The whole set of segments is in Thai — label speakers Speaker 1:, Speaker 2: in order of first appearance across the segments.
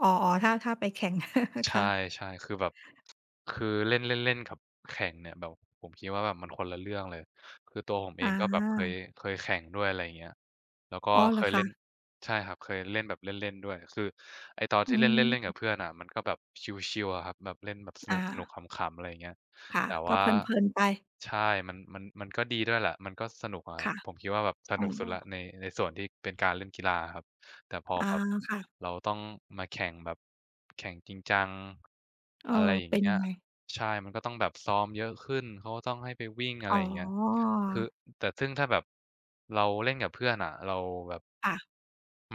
Speaker 1: อ๋อ ๆ ถ้า ถ้าไปแข่ง
Speaker 2: ใช
Speaker 1: ค่
Speaker 2: ่
Speaker 1: ะ
Speaker 2: ใช่ คือแบบ คือเล่น เล่น ๆ กับแข่งเนี่ยแบบ ผมคิดว่า แบบมันคนละเรื่องเลย คือตัวผมเ
Speaker 1: อ
Speaker 2: อง ก็แบบเค
Speaker 1: า
Speaker 2: ย เคยแข่งด้วย อะไรเงี้ย แล้วก็
Speaker 1: อ๋อ เห
Speaker 2: เ
Speaker 1: ร
Speaker 2: ค
Speaker 1: อ
Speaker 2: ย
Speaker 1: ค
Speaker 2: เล่น
Speaker 1: ะ?
Speaker 2: ใช่ครับ เคยเล่นแบบเล่น ๆ ด้วย คือไอ้ตอน
Speaker 1: อื
Speaker 2: ที่เล่น เล่น ๆ กั
Speaker 1: ม
Speaker 2: บเพื่อนอะ มันก็แบบชิล ๆ อะครับ แบบเล่นแบบส
Speaker 1: อ
Speaker 2: นุก
Speaker 1: า
Speaker 2: ๆ ขำ ๆ อะไรอย่างเงี้ย
Speaker 1: ค่ะ
Speaker 2: แต่
Speaker 1: ก
Speaker 2: ว
Speaker 1: ็
Speaker 2: ่า
Speaker 1: เพลิน ๆ ไป
Speaker 2: ใช่ มัน มัน มันก็ดีด้วยแหละ มันก็สนุกอะค
Speaker 1: ค
Speaker 2: รับ
Speaker 1: ่ะ
Speaker 2: ผมคิดว่าแบบส
Speaker 1: อ๋
Speaker 2: นุกสุดแล้ว
Speaker 1: อ
Speaker 2: ใน ในส่วนที่เป็นการเล่นกีฬาอะครับ แต่พอ
Speaker 1: อา
Speaker 2: แบบ
Speaker 1: ค่ะ
Speaker 2: เราต้องมาแข่งแบบ แข่งจริงจัง
Speaker 1: เออ
Speaker 2: อะไรอย่า
Speaker 1: เป
Speaker 2: ง
Speaker 1: ็
Speaker 2: เ
Speaker 1: น
Speaker 2: งี
Speaker 1: ย
Speaker 2: ้
Speaker 1: ั
Speaker 2: ย
Speaker 1: งไง?
Speaker 2: ใช่ มันก็ต้องแบบซ้อมเยอะขึ้น เขาก็ต้องให้ไปวิ่ง อะไ
Speaker 1: อ
Speaker 2: ร
Speaker 1: ๋
Speaker 2: อย่างเงี้ย คือ
Speaker 1: อ
Speaker 2: แต่ซึ่งถ้าแบบเราเล่นกับเพื่อนอะ เราแบบ
Speaker 1: ค่ะ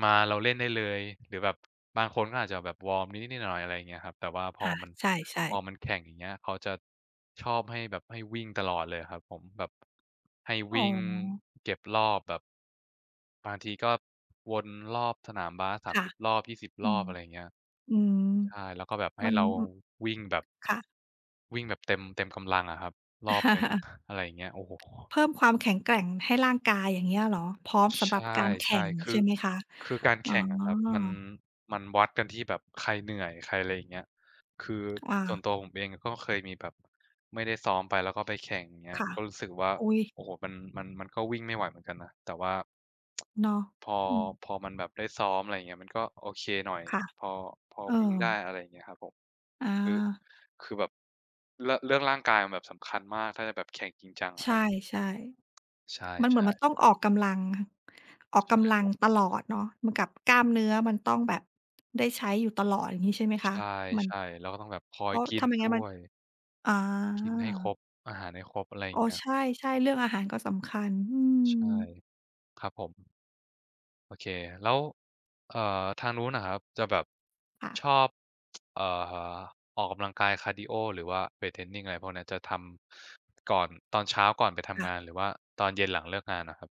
Speaker 2: มาเราเล่นได้เลย หรือแบบ บางคนก็อาจจะแบบวอร์มนิด ๆ หน่อย ๆ อะไรเงี้ยครับ แต่ว่าพ
Speaker 1: อ
Speaker 2: อ
Speaker 1: า
Speaker 2: มัน
Speaker 1: ใช่
Speaker 2: พ
Speaker 1: ๆ
Speaker 2: อมัน แข่งอย่างเงี้ย เขาจะ ชอบให้แบบ ให้วิ่งตลอดเลยอะครับผม แบบ ให้
Speaker 1: อ
Speaker 2: ว
Speaker 1: ๋
Speaker 2: ิ่ง
Speaker 1: อ
Speaker 2: เก็บรอบแบบ บางทีก็วนรอบสนามบาส สา
Speaker 1: ค
Speaker 2: ม
Speaker 1: ่ะ
Speaker 2: สิบ รอบ 20
Speaker 1: อ
Speaker 2: ร
Speaker 1: ื
Speaker 2: อ
Speaker 1: ม
Speaker 2: บ อะไรอย่างเงี้ย
Speaker 1: อืม
Speaker 2: ใช่ แล้วก็แบบให
Speaker 1: ม
Speaker 2: ้
Speaker 1: ัน
Speaker 2: เรา
Speaker 1: อ
Speaker 2: วิ่งแบบ
Speaker 1: ค่ะ
Speaker 2: วิ่งแบบเต็ม เต็มกำลังอะครับ รอบหนึ่ง อะไรอย่างเงี้ย โอ้โฮ
Speaker 1: เพิ่มความแข็งแกร่งให้ร่างกาย อย่างเงี้ยเหรอ พร้อมสำ
Speaker 2: ใช
Speaker 1: หรับ
Speaker 2: ่
Speaker 1: การแข
Speaker 2: ใช
Speaker 1: ่
Speaker 2: ่
Speaker 1: ง
Speaker 2: ค
Speaker 1: ใ
Speaker 2: ื
Speaker 1: ช
Speaker 2: อ
Speaker 1: ่ไหมคะ?
Speaker 2: คือการ
Speaker 1: อ
Speaker 2: แ
Speaker 1: ๋
Speaker 2: ข่งอะครับ มัน
Speaker 1: อ
Speaker 2: มันวัดกันที่แบบใครเหนื่อย ใคร อะไรอย่างเงี้ย คือ
Speaker 1: อ
Speaker 2: ส่ว
Speaker 1: า
Speaker 2: นตัวผมเอง ก็เคยมีแบบไม่ได้ซ้อมไป แล้วก็ไปแข่ง อย่างเงี้ย
Speaker 1: ค่ะ
Speaker 2: ก็รู้สึกว่า
Speaker 1: อุ๊ย!
Speaker 2: โอ้โฮ มัน มันก็วิ่งไม่ไหวเหมือนกันนะ แต่ว่า
Speaker 1: เนาะ
Speaker 2: พอ
Speaker 1: อืม
Speaker 2: พอมันแบบได้ซ้อม อะไรอย่างเงี้ย มันก็โอเคหน่อย
Speaker 1: ค่ะ
Speaker 2: พอ พอ
Speaker 1: เออ
Speaker 2: วิ่งได้ อะไรอย่างเงี้ยครับผม คือ
Speaker 1: อา
Speaker 2: คือแบบ เรื่อง เรื่องร่างกายแบบสำคัญมาก ถ้าจะแบบแข่งจริงจังอ
Speaker 1: ใ
Speaker 2: ะ
Speaker 1: ช
Speaker 2: ครับ
Speaker 1: ่
Speaker 2: ใช
Speaker 1: ๆ มันเหมือน
Speaker 2: ่
Speaker 1: มัน
Speaker 2: ๆ
Speaker 1: ต้องออกกำลัง ออก
Speaker 2: ใช
Speaker 1: ก
Speaker 2: ่
Speaker 1: ำลั
Speaker 2: ค
Speaker 1: ง
Speaker 2: รับ
Speaker 1: ตลอดเนาะ เหมือนกับกล้ามเนื้อ มันต้องแบบได้ใช้อยู่ตลอดอย่างงี้ ใช่มั้ยค
Speaker 2: ใช
Speaker 1: ะ? มัน
Speaker 2: ่ ๆ เราก็ต้องแบบคอ
Speaker 1: เพ
Speaker 2: ย
Speaker 1: ราะ
Speaker 2: กิ
Speaker 1: ถ้
Speaker 2: น
Speaker 1: าไม่
Speaker 2: ด
Speaker 1: งั้
Speaker 2: ้
Speaker 1: นมัน
Speaker 2: วย
Speaker 1: อ๋อ
Speaker 2: กินให้ครบ อาหารให้ครบ อะไรอย
Speaker 1: อ
Speaker 2: ่
Speaker 1: ๋
Speaker 2: า
Speaker 1: อ
Speaker 2: งเงี้ย
Speaker 1: ใช่ ๆ เรื่องอาหารก็สำคัญ อื
Speaker 2: ใช่
Speaker 1: อ
Speaker 2: ครับผม โอเค แล้ว เอ่อ ทางนู้นอะครับ จะแบบ
Speaker 1: ค่
Speaker 2: ช
Speaker 1: ะ
Speaker 2: อบ เอ่อ ออกกำลังกายคาร์ดีโอ หรือว่าเวตเทรนนิง อะไรพวกเนี้ย จะทำก่อน ตอนเช้าก่อนไปท
Speaker 1: ค่
Speaker 2: ำ
Speaker 1: ะ
Speaker 2: งาน หรือว่าตอนเย็นหลังเลิกงานอะครับ?